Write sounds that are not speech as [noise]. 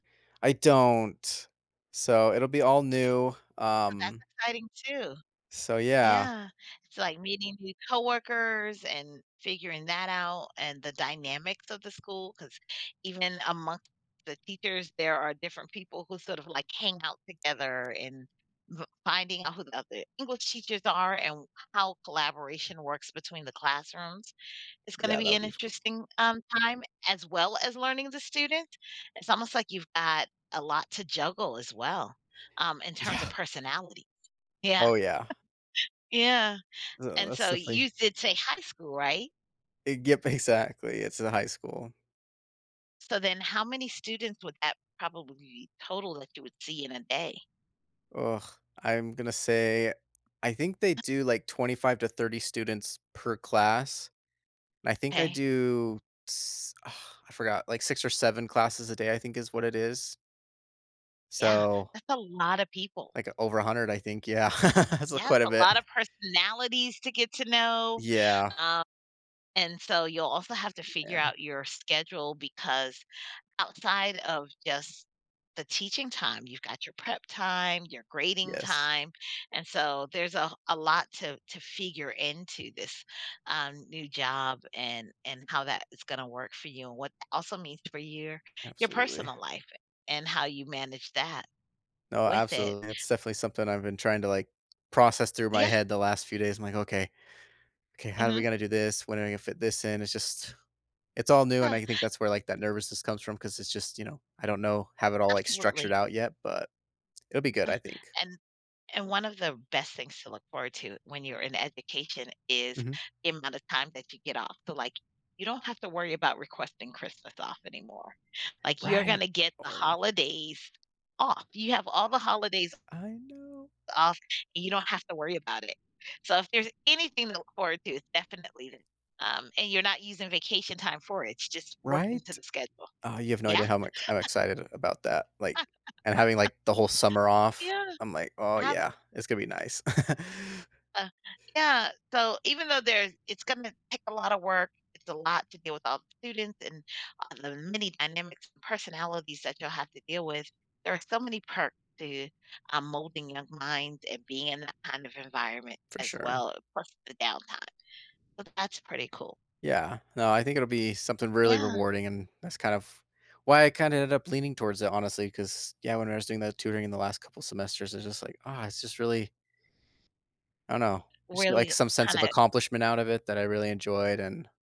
I don't. So, it'll be all new, So, that's um exciting too. So, yeah. Yeah. It's like meeting new coworkers and figuring that out, and the dynamics of the school 'cause even in among the teachers, there are different people who sort of like hang out together and v finding out who the other English teachers are and how collaboration works between the classrooms. It's gonna Yeah, that be would an be f cool. interesting, um, time as well as learning the student. It's almost like you've got a lot to juggle as well, um, in terms of Yeah. personality. Yeah. Oh, [chuckles] yeah. Yeah. Ugh, And that's so definitely you did say high school, right? A g exactly it's in high school. So, then how many students would that probably total that you would see in a day? Ugh. I'm gonna say I think they do, like, 25 to 30 students per class. I think I 'Kay. do ts [sighs] I forgot. Like, 6 or 7 classes a day, I think, is what it is. Yeah, So that's a lot of people. like, over 100 I think Yeah [laughs] So, Yes, quite a a bit. lot of personalities to get to know. Yeah. Um and, so, you'll also have to figure Man. out your schedule because outside of just the teaching time, you've got your prep time, your grading Yes. time, and so, there's a a lot to to figure into this, um, new job and and how that is going to work for you, what also means for your your Absolutely. personal life and how you manage that, No, with it. absolutely, it's definitely something I've been trying to, like, process through my Yeah. head the last few days, I'm like, “Okay. Okay, how are we Mhm. gonna do this, when are we gonna fit this in?” it's just it's all new, and Uh I think [inhales] that's where, like, that nervousness comes from 'cause it's just, you know I don't know, have it all, like, structured Absolutely. out yet, but it'll be good, Uh, I think. and and one of the best things to look forward to when you're in education is Mhm. the amount of time that you get off. So like, you don't have to worry about requesting Christmas off anymore. Like, you're going Right. to get the Oh. holidays off, you have all the holidays I know. off, and you don't have to worry about it. So, if there's anything to look forward to, it's definitely, um and you're not using vacation time for it, it's just worked into Right? the schedule. Uh, you have no idea Yeah. how I'm ex I'm [chuckles] excited about that. Like and having, like, the whole summer [laughs] off, Yeah. I'm like, "Oh, Abs yeah. It's gonna be nice." [chuckles] Uh, yeah, so, even though there's it's gonna take a lot of work it's a lot to deal with all the students and a the many dynamics and personalities that you'll have to deal with. There are so many perks to, um, molding young minds and being in that kind of environment For as sure. well plus the downtime. So, that's pretty cool. Yeah. No, I think it'll be something really Yeah. rewarding, and that's kind of why I kinda ended up leaning towards it, honestly 'cause, yeah, when I was doing that tutoring in the last couple semesters, it's just like, "Oh," it's just really I don't know. Just get, like, Really some sense of kinda accomplishment out of it that I really enjoyed, and